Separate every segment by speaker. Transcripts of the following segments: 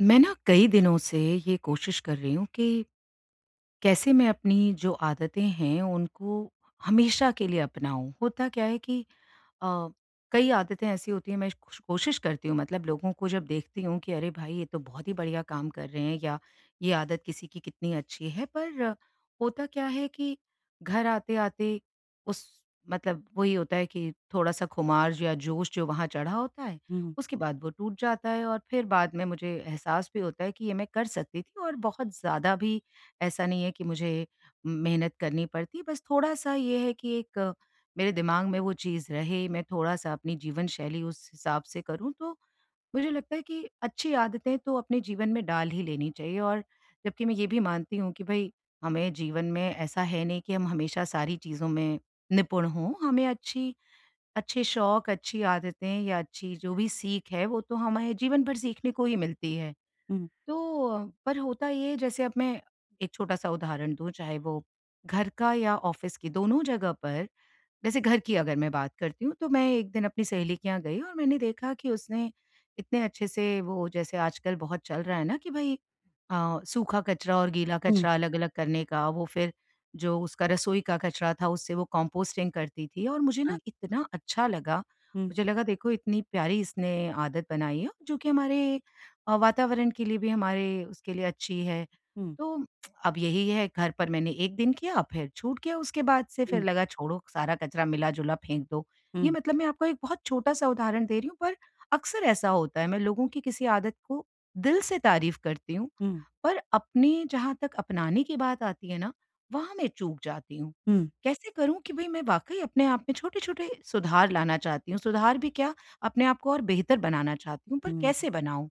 Speaker 1: मैं ना कई दिनों से ये कोशिश कर रही हूँ कि, कैसे मैं अपनी जो आदतें हैं उनको हमेशा के लिए अपनाऊँ? होता क्या है कि अ, कई आदतें ऐसी होती हैं मैं कुश कुश कोशिश करती हूँ, मतलब लोगों को जब देखती हूँ कि अरे भाई ये तो बहुत ही बढ़िया काम कर रहे हैं या ये आदत किसी की कितनी अच्छी है। पर होता क्या है कि घर आते-आते उस मतलब वही होता है कि थोड़ा-सा खुमार या जोश जो वहाँ चढ़ा होता है,
Speaker 2: हुँ।
Speaker 1: उसके बाद वो टूट जाता है। और फिर बाद में मुझे एहसास भी होता है कि ये मैं कर सकती थी और बहुत ज़्यादा भी ऐसा नहीं है कि मुझे मेहनत करनी पड़ती, बस थोड़ा-सा ये है कि एक मेरे दिमाग में वो चीज़ रहे, मैं थोड़ा-सा अपनी जीवन शैली उस हिसाब से करूँ, तो मुझे लगता है कि अच्छी आदतें तो अपने जीवन में डाल ही लेनी चाहिए। और जबकि मैं ये भी मानती हूँ कि भई हमें जीवन में ऐसा है नहीं कि हम हमेशा सारी चीज़ों में निपुण हो। हमें अच्छी अच्छे शौक, अच्छी आदतें या अच्छी जो भी सीख है, वो तो हमारे जीवन भर सीखने को ही मिलती है।
Speaker 2: हुँ।
Speaker 1: तो पर होता ये जैसे अब मैं एक छोटा-सा उदाहरण दूँ, चाहे वो घर का या ऑफ़िस की दोनों जगह पर जैसे घर की अगर मैं बात करती हूँ, तो मैं 1 दिन अपनी सहेली के यहाँ गई और मैंने देखा कि उसने इतने अच्छे से वो जैसे आजकल बहुत चल रहा है ना कि भाई अ, सूखा कचरा और गीला
Speaker 2: हुँ।
Speaker 1: कचरा अलग-अलग करने का वो फिर जो उसका रसोई का कचरा था उससे वो कंपोस्टिंग करती थी और मुझे ना
Speaker 2: हाँ।
Speaker 1: इतना अच्छा लगा।
Speaker 2: हुँ।
Speaker 1: मुझे लगा देखो इतनी प्यारी इसने आदत बनाई है, जो कि हमारे, वातावरण के लिए भी हमारे उसके लिए अच्छी है।
Speaker 2: हुँ।
Speaker 1: तो अब यही है घर पर मैंने 1 दिन किया, फिर छूट किया उसके बाद से फिर
Speaker 2: हुँ।
Speaker 1: लगा छोड़ो सारा कचरा मिला-जुला फेंक दो। ये
Speaker 2: हुँ।
Speaker 1: मतलब मैं आपको एक बहुत छोटा-सा उदाहरण दे रही हूँ, पर अक्सर ऐसा होता है मैं लोगों की किसी आदत को दिल से तारीफ़ करती हूँ,
Speaker 2: हुँ।
Speaker 1: पर अपनी जहाँ तक अपनाने की बात आती है ना, वहाँ मैं चूक जाती हूँ।
Speaker 2: हुँ।
Speaker 1: कैसे करूँ कि भई मैं वाक़ई अपने आप में छोटे-छोटे सुधार लाना चाहती हूँ। सुधार भी क्या, अपने को और बेहतर बनाना चाहती हूँ, पर
Speaker 2: हुँ।
Speaker 1: कैसे बनाऊँ?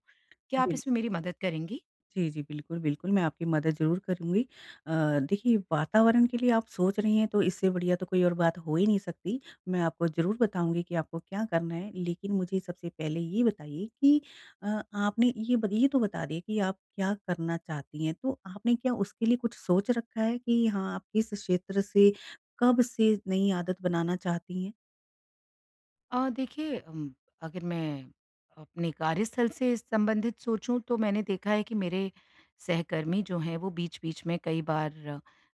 Speaker 1: क्या आप
Speaker 2: बिल
Speaker 1: इसमें मेरी मदद करेंगी?
Speaker 2: जी, जी, बिल्कुल, बिल्कुल, मैं आपकी मदद ज़रूर करूँगी। अ, देखिए, वातावरण के लिए आप सोच रही हैं, तो इससे बढ़िया तो कोई और बात हो ही नहीं सकती। मैं आपको ज़रूर बताऊँगी कि आपको क्या करना है, लेकिन मुझे सबसे पहले ये बताइए कि अ, आपने ये बत ये तो बता दिए कि आप क्या करना चाहती हैं, तो आपने क्या उसके लिए कुछ सोच रखा है कि हाँ, आप किस क्षेत्र से, कब से नई आदत बनाना चाहती हैं?
Speaker 1: अ, देखिए अम, अगर मैं अपने कार्यस्थल से संबंधित सोचूँ, तो मैंने देखा है कि मेरे सहकर्मी जो हैं, वो बीच-बीच में कई बार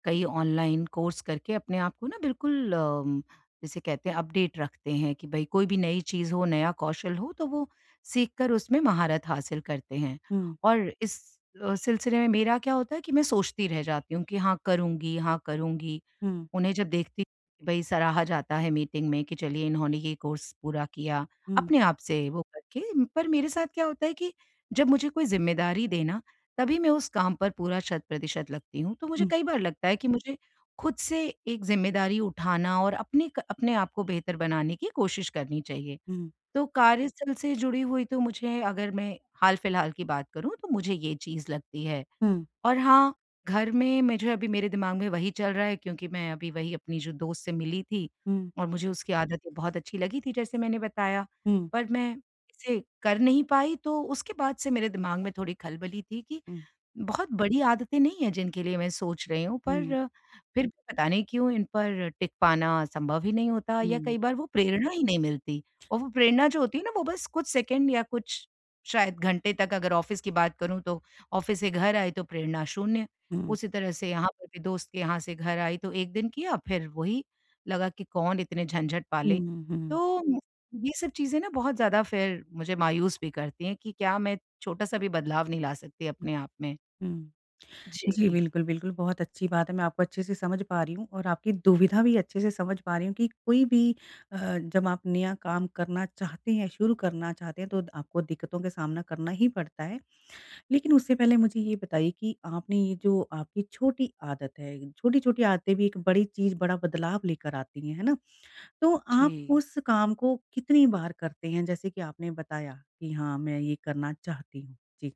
Speaker 1: कई ऑनलाइन कोर्स करके अपने आप को ना बिल्कुल अम, जिसे कहते हैं, अपडेट रखते हैं कि भई, कोई भी नई चीज़ हो, नया कौशल हो, तो वो सीखकर उसमें महारत हासिल करते हैं
Speaker 2: हुँ।
Speaker 1: और इस अ, सिलसिले में मेरा क्या होता है कि मैं सोचती रह जाती हूँ कि हाँ करुँगी, हाँ करुँगी।
Speaker 2: हुँ।
Speaker 1: उन्हें जब देखती कि भई, सराहा जाता है मीटिंग में कि, "चलिए, इन्होंने ये कोर्स पूरा किया।"
Speaker 2: हुँ।
Speaker 1: अपने आप से वो करके। पर मेरे साथ क्या होता है कि जब मुझे कोई ज़िम्मेदारी दे ना, तभी मैं उस काम पर पूरा शत-प्रतिशत लगती हूँ। तो मुझे
Speaker 2: हुँ।
Speaker 1: कई बार लगता है कि मुझे खुद से एक ज़िम्मेदारी उठाना और अपनी एक अपने आपको बेहतर बनाने की कोशिश करनी चाहिए।
Speaker 2: हुँ।
Speaker 1: तो कार्यस्थल से जुड़ी हुई तो मुझे, अगर मैं हाल-फिलहाल की बात करूँ, तो मुझे ये चीज़ लगती है,
Speaker 2: हुँ।
Speaker 1: और हाँ, घर में मैं जो है, अभी मेरे दिमाग में वही चल रहा है क्योंकि मैं अभी वही अपनी जो दोस्त से मिली थी
Speaker 2: हुँ।
Speaker 1: और मुझे उसकी आदत ये बहुत अच्छी लगी थी, जैसे मैंने बताया।
Speaker 2: हुँ।
Speaker 1: पर मैं इसे कर नहीं पाई, तो उसके बाद से मेरे दिमाग में थोड़ी खलबली थी कि,
Speaker 2: हुँ।
Speaker 1: बहुत बड़ी आदतें नहीं हैं, जिनके लिए मैं सोच रही हूँ, पर
Speaker 2: हुँ।
Speaker 1: फिर भी पता नहीं क्यों, इन पर टिक पाना संभव ही नहीं होता या
Speaker 2: हुँ।
Speaker 1: कई बार वो प्रेरणा ही नहीं मिलती और वो प्रेरणा जो होती है ना, वो बस कुछ सेकंड या कुछ शायद घंटे तक, अगर ऑफ़िस की बात करूँ, तो ऑफ़िस से घर आई, तो प्रेरणा शून्य।
Speaker 2: हुँ।
Speaker 1: उसी तरह से यहाँ पर भी दोस्त के यहाँ से घर आई, तो 1 दिन किया, फिर वही लगा कि कौन इतने झंझट
Speaker 2: हुँ,
Speaker 1: पाले।
Speaker 2: हुँ, हुँ।
Speaker 1: तो ये सब चीज़ें ना बहुत ज़्यादा फिर मुझे मायूस भी करती हैं कि क्या मैं छोटा-सा भी बदलाव नहीं ला सकती
Speaker 2: हुँ।
Speaker 1: अपने आप में?
Speaker 2: हुँ। जी,
Speaker 1: जी।
Speaker 2: बिल्कुल, बिल्कुल, बहुत अच्छी बात है, मैं आपको अच्छे से समझ पा रही हूँ और आपकी दुविधा भी अच्छे से समझ पा रही हूँ कि कोई भी अ, जब आप नया काम करना चाहते हैं, शुरू करना चाहते हैं, तो द आपको दिक्कतों का सामना करना ही पड़ता है। लेकिन उससे पहले मुझे ये बताइए कि आपने ये जो आपकी छोटी आदत है, छोटी-छोटी आदतें भी एक बड़ी चीज़, बड़ा बदलाव लेकर आती हैं। है ना? तो आप
Speaker 1: जी।
Speaker 2: उस काम को कितनी बार करते हैं? जैसे कि आपने बताया कि, "हाँ, मैं ये करना चाहती हूँ।" जी।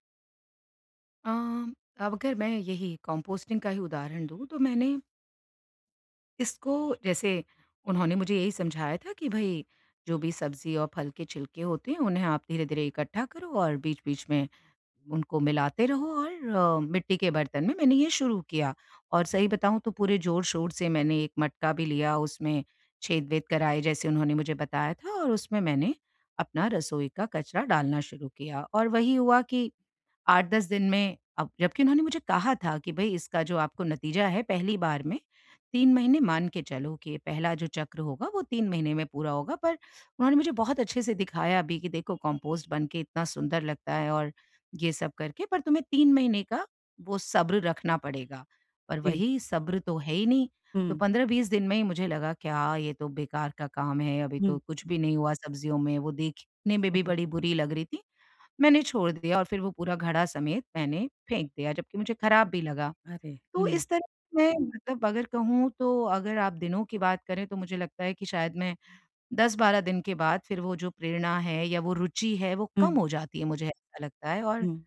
Speaker 1: अ, अब अगर मैं यही कंपोस्टिंग का ही उदाहरण दूँ। तो मैंने इसको, जैसे उन्होंने मुझे यही समझाया था कि भई, जो भी सब्जी और फल के छिलके होते हैं, उन्हें आप धीरे-धीरे इकट्ठा करो और बीच-बीच में, उनको मिलाते रहो और अ, मिट्टी के बर्तन में मैंने ये शुरू किया। और सही बताऊँ तो पूरे जोर-शोर से मैंने एक मटका भी लिया। उसमें छेद-वेद कराए, जैसे उन्होंने मुझे बताया था और उसमें मैंने, अपना रसोई का कचरा डालना शुरू किया। और वही हुआ कि, 8-10 दिन में अब, जबकि उन्होंने मुझे कहा था कि भई इसका जो आपको नतीजा है, पहली बार में, 3 महीने मान के चलो, कि ये पहला जो चक्र होगा, वो 3 महीने में पूरा होगा। पर उन्होंने मुझे बहुत अच्छे से दिखाया भी कि देखो कंपोस्ट बनके इतना सुंदर लगता है और, ये सब करके, पर तुम्हें 3 महीने का, वो सब्र रखना पड़ेगा। पर
Speaker 2: जी।
Speaker 1: वही सब्र तो है ही नहीं। तो
Speaker 2: हुँ।
Speaker 1: 15-20 दिन में ही मुझे लगा क्या ये तो बेकार का काम है। अभी तो
Speaker 2: हुँ।
Speaker 1: कुछ भी नहीं हुआ सब्जियों में। वो देखने में भी बड़ी बुरी लग रही थीं। मैंने छोड़ दिया और फिर वो पूरा घड़ा समेत, मैंने फेंक दिया, जबकि मुझे खराब भी लगा।
Speaker 2: अरे!
Speaker 1: तो
Speaker 2: हुँ।
Speaker 1: इस तरह से मैं, मतलब अगर कहूँ तो, अगर आप दिनों की बात करें, तो मुझे लगता है कि शायद मैं, 10-12 दिन के बाद फिर वो जो प्रेरणा है, या वो रूचि है, वो
Speaker 2: हुँ।
Speaker 1: कम हो जाती है, मुझे ऐसा लगता है और,
Speaker 2: हुँ।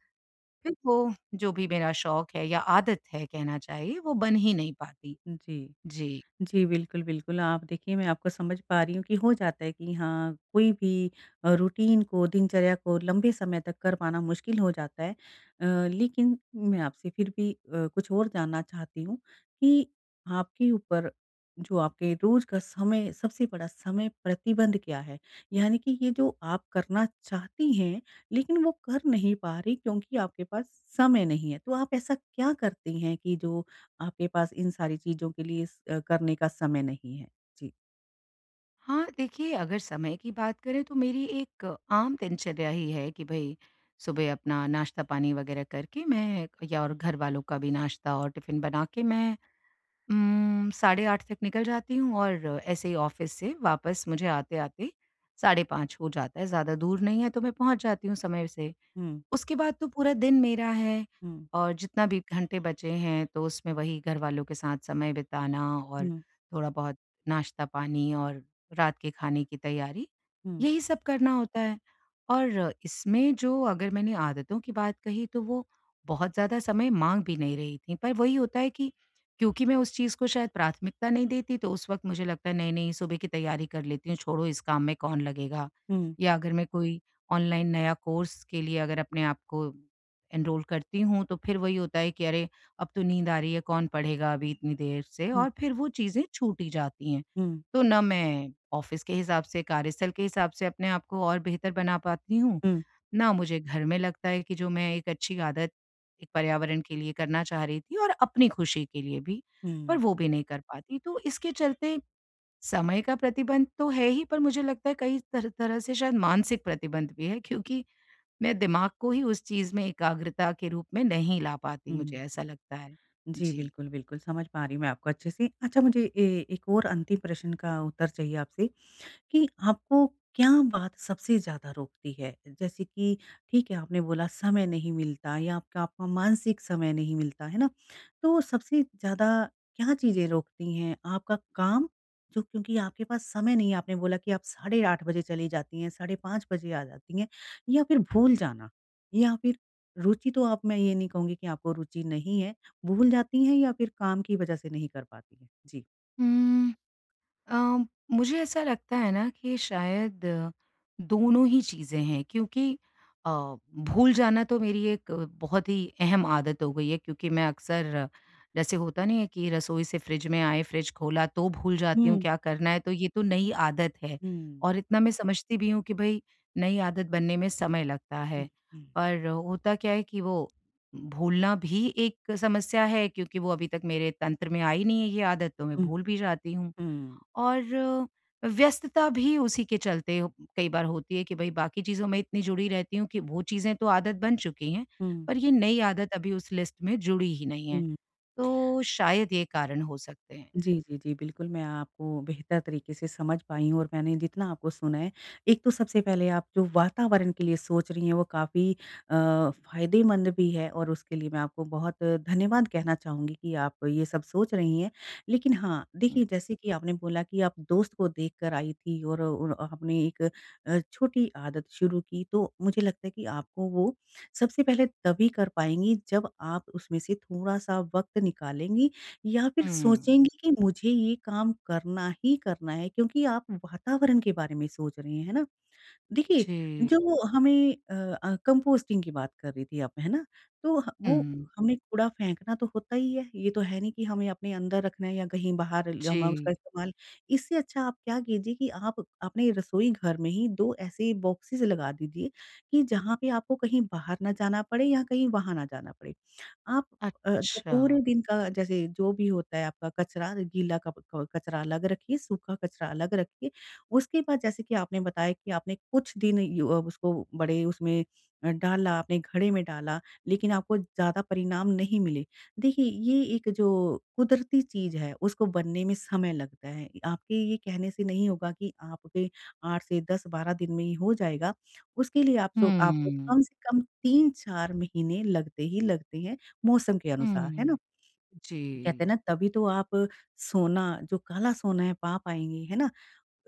Speaker 1: फिर वो, जो भी मेरा शौक़ है या आदत है कहना चाहिए, वो बन ही नहीं पाती।
Speaker 2: जी।
Speaker 1: जी।
Speaker 2: जी बिल्कुल, बिल्कुल। आप देखिए मैं आपको समझ पा रही हूँ कि हो जाता है कि हाँ, कोई भी अ, रूटीन को, दिनचर्या को लंबे समय तक कर पाना मुश्किल हो जाता है। अ, लेकिन मैं आपसे फिर भी अ, कुछ और जानना चाहती हूँ, कि आपके ऊपर, जो आपके रोज़ का समय सबसे बड़ा समय प्रतिबंध क्या है? यानी कि ये जो आप करना चाहती हैं, लेकिन वो कर नहीं पा रही क्योंकि आपके पास, समय नहीं है। तो आप ऐसा क्या करती हैं कि जो, आपके पास इन सारी चीज़ों के लिए स अ, करने का समय नहीं है? जी।
Speaker 1: हाँ, देखिए अगर समय की बात करें तो मेरी एक आम दिनचर्या ही है, कि भई सुबह अपना नाश्ता पानी वगैरह करके मैं या और घरवालों का भी नाश्ता और टिफिन बना के मैं, उम्म, साढ़े 8 तक निकल जाती हूँ और ऐसे ही ऑफिस से वापस मुझे आते-आते साढ़े 5 हो जाता है। ज़्यादा दूर नहीं है तो मैं पहुँच जाती हूँ समय से।
Speaker 2: हुँ।
Speaker 1: उसके बाद तो पूरा दिन मेरा है।
Speaker 2: हुँ।
Speaker 1: और जितना भी घंटे बचे हैं तो उसमें वही घरवालों के साथ समय बिताना और
Speaker 2: हुँ।
Speaker 1: थोड़ा बहुत नाश्ता-पानी और रात के खाने की तैयारी
Speaker 2: हुँ।
Speaker 1: यही सब करना होता है। और इसमें जो अगर मैंने आदतों की बात कही तो वो बहुत ज़्यादा समय माँग भी नहीं रही थीं। पर वही होता है कि क्योंकि मैं उस चीज़ को शायद प्राथमिकता नहीं देती, तो उस वक़्त मुझे लगता है नही-नही सुबह की तैयारी कर लेती हूँ। छोड़ो इस काम में कौन लगेगा?
Speaker 2: हुँ।
Speaker 1: या अगर मैं कोई ऑनलाइन नया कोर्स के लिए अगर अपने आप को एनरोल करती हूँ तो फिर वही होता है कि अरे अब तो नींद आ रही है कौन पढ़ेगा अभी इतनी देर से
Speaker 2: हुँ।
Speaker 1: और फिर वो चीज़ें छूट ही जाती हैं।
Speaker 2: हुँ।
Speaker 1: तो न मैं ऑफिस के हिसाब से कार्यस्थल के हिसाब से अपने आप को और बेहतर बना पाती हूँ,
Speaker 2: हुँ।
Speaker 1: ना मुझे घर में लगता है कि जो मैं एक अच्छी आदत एक पर्यावरण के लिए करना चाह रही थी और अपनी खुशी के लिए भी,
Speaker 2: हुँ।
Speaker 1: पर वो भी नहीं कर पाती। तो इसके चलते समय का प्रतिबंध तो है ही पर मुझे लगता है कई तर तरह से शायद मानसिक प्रतिबंध भी है। क्योंकि मैं दिमाग को ही उस चीज़ में एकाग्रता के रूप में नहीं ला पाती मुझे
Speaker 2: हुँ।
Speaker 1: ऐसा लगता है।
Speaker 2: जी,
Speaker 1: जी।
Speaker 2: बिल्कुल बिल्कुल। समझ पा रही हूँ मैं आपको अच्छे से। अच्छा मुझे ए एक और अंतिम प्रश्न का उत्तर चाहिए आपसे कि आपको क्या बात सबसे ज़्यादा रोकती है? जैसे कि ठीक है आपने बोला समय नहीं मिलता या आपका आपका मानसिक समय नहीं मिलता। है ना? तो सबसे ज़्यादा क्या चीज़ें रोकती हैं आपका काम? जो क्योंकि आपके पास समय नहीं है आपने बोला कि आप साढ़े 8 बजे चली जाती हैं साढ़े 5 बजे आ जाती हैं या फिर भूल जाना? या फिर रूचि तो आप मैं ये नहीं कहूँगी कि आपको रूचि नहीं है, भूल जाती हैं या फिर काम की वजह से नहीं कर पाती हैं? जी।
Speaker 1: हुँ। अ, मुझे ऐसा लगता है ना कि शायद दोनों ही चीज़ें हैं क्योंकि अ, भूल जाना तो मेरी एक बहुत ही अहम आदत हो गई है। क्योंकि मैं अक्सर जैसे होता नहीं है कि रसोई से फ़्रिज में आए फ़्रिज खोला तो भूल जाती हूँ
Speaker 2: हुँ।
Speaker 1: क्या करना है तो ये तो नई आदत है।
Speaker 2: हुँ।
Speaker 1: और इतना मैं समझती भी हूँ कि भई नई आदत बनने में समय लगता है।
Speaker 2: हुँ, हुँ।
Speaker 1: पर होता क्या है कि वो भूलना भी एक समस्या है क्योंकि वो अभी तक मेरे तंत्र में आई नहीं है ये आदत तो मैं
Speaker 2: हुँ।
Speaker 1: भूल भी जाती हूँ।
Speaker 2: हुँ।
Speaker 1: और व्यस्तता भी उसी के चलते कई बार होती है कि भई बाकी चीज़ों में इतनी जुड़ी रहती हूँ कि वो चीज़ें तो आदत बन चुकी हैं।
Speaker 2: हुँ।
Speaker 1: पर ये नई आदत अभी उस लिस्ट में जुड़ी ही नहीं है।
Speaker 2: हुँ।
Speaker 1: तो शायद ये कारण हो सकते हैं।
Speaker 2: जी, जी, जी। बिल्कुल मैं आपको बेहतर तरीके से समझ पाई हूँ और मैंने जितना आपको सुना है एक तो सबसे पहले आप जो वातावरण के लिए सोच रही हैं वो काफ़ी अ, फ़ायदेमंद भी है और उसके लिए मैं आपको बहुत धन्यवाद कहना चाहूँगी कि आप ये सब सोच रही हैं। लेकिन हाँ, देखिए
Speaker 1: हुँ।
Speaker 2: जैसे कि आपने बोला कि आप दोस्त को देख कर आईं थी और उन आपने एक अ, छोटी आदत शुरू की तो मुझे लगता है कि आपको वो सबसे पहले तभी कर पाएँगी जब आप उसमें से थोड़ा-सा वक़्त निकालेंगी या फ़िर
Speaker 1: हुँ।
Speaker 2: सोचेंगी कि मुझे ये काम करना ही करना है क्योंकि आप वातावरण के बारे में सोच रही हैं। है ना? देखिए
Speaker 1: जी।
Speaker 2: जो हमें अ अ, कंपोस्टिंग की बात कर रही थी आप। है ना? तो वो
Speaker 1: हुँ।
Speaker 2: हमने कूड़ा फेंकना तो होता ही है। ये तो है नहीं कि हमें अपने अंदर रखना है या कहीं बाहर ल हमें उसका
Speaker 1: जी।
Speaker 2: इस्तेमाल इससे अच्छा आप क्या कीजिए कि आप अपने रसोई घर में ही 2 ऐसे बॉक्सेस लगा दीजिए कि जहाँ पे आपको कहीं बाहर ना जाना पड़े या कहीं वहाँ ना जाना पड़े। आप अ,
Speaker 1: अच्छा।
Speaker 2: पूरे दिन का जैसे जो भी होता है आपका कचरा गीला क कचरा अलग रखिए, सूखा कचरा अलग रखिए। उसके बाद जैसे कि आपने बताया कि आपने कुछ दिन य ओ उसको बड़े उसमें अ, डाला आपने घड़े में डाला लेकिन आपको ज़्यादा परिणाम नहीं मिले। देखिए ये एक जो कुदरती चीज़ है उसको बनने में समय लगता है। आपके ये कहने से नहीं होगा कि आपके 8 से 10-12 दिन में ही हो जाएगा। उसके लिए आपसो आपको
Speaker 1: हुँ।
Speaker 2: कम से कम 3-4 महीने लगते ही लगते हैं मौसम के अनुसार। है
Speaker 1: हुँ।
Speaker 2: ना? कहते हैं ना
Speaker 1: जी।
Speaker 2: तभी तो आप सोना जो काला सोना है पा पाएँगे, है ना?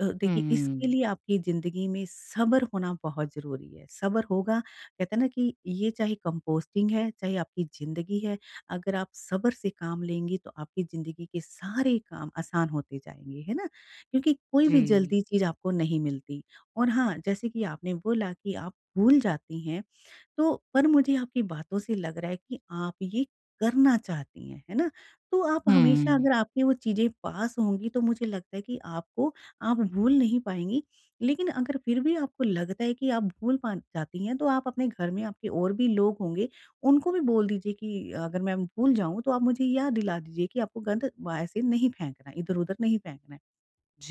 Speaker 2: अ, देखिए इसके
Speaker 1: हुँ।
Speaker 2: लिए आपकी ज़िंदगी में सब्र होना बहुत ज़रूरी है। सब्र होगा कहते हैं ना कि ये चाहे कंपोस्टिंग है, चाहे आपकी ज़िंदगी है। अगर आप सब्र से काम लेंगी तो आपकी ज़िंदगी के सारे काम आसान होते जाएँगे, है ना? क्योंकि कोई भी
Speaker 1: जी।
Speaker 2: जल्दी चीज़ आपको नहीं मिलती। और हाँ, जैसे कि आपने बोला कि आप भूल जाती हैं तो पर मुझे आपकी बातों से लग रहा है कि आप ये करना चाहती हैं, है ना? तो आप हमेशा
Speaker 1: हुँ।
Speaker 2: अगर आपके वो चीज़ें पास होंगी तो मुझे लगता है कि आपको आप भूल नहीं पाएँगी। लेकिन अगर फ़िर भी आपको लगता है कि आप भूल पा जाती हैं तो आप अपने घर में आपके और भी लोग होंगे उनको भी बोल दीजिए कि अगर मैं भूल जाऊँ, तो आप मुझे याद दिला दीजिए कि आपको गंद व ऐसे नहीं फेंकना है, इधर-उधर नहीं फेंकना है।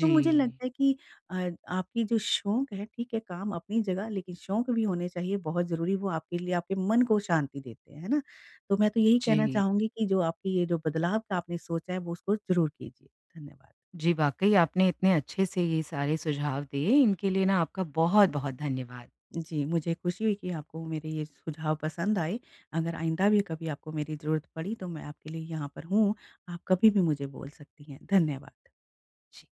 Speaker 2: तो मुझे लगता है कि अ, आपकी जो शौक है, ठीक है काम अपनी जगह लेकिन शौक भी होने चाहिए बहुत ज़रूरी वो आपके लिए, आपके मन को शांति देते हैं। है ना? तो मैं तो यही कहना
Speaker 1: जी।
Speaker 2: चाहूँगी कि जो आपकी ये जो बदलाव का आपने सोचा है वो उसको ज़रूर कीजिए। धन्यवाद।
Speaker 1: जी, वाक़ई आपने इतने अच्छे से ये सारे सुझाव दिए। इनके लिए ना आपका बहुत-बहुत धन्यवाद।
Speaker 2: जी। मुझे ख़ुशी हुई कि आपको मेरे ये सुझाव पसंद आए। अगर आइंदा भी कभी आपको मेरी ज़रूरत पड़ी तो मैं आपके लिए यहाँ पर हूँ। आप कभी भी मुझे बोल सकती हैं। धन्यवाद।
Speaker 1: जी।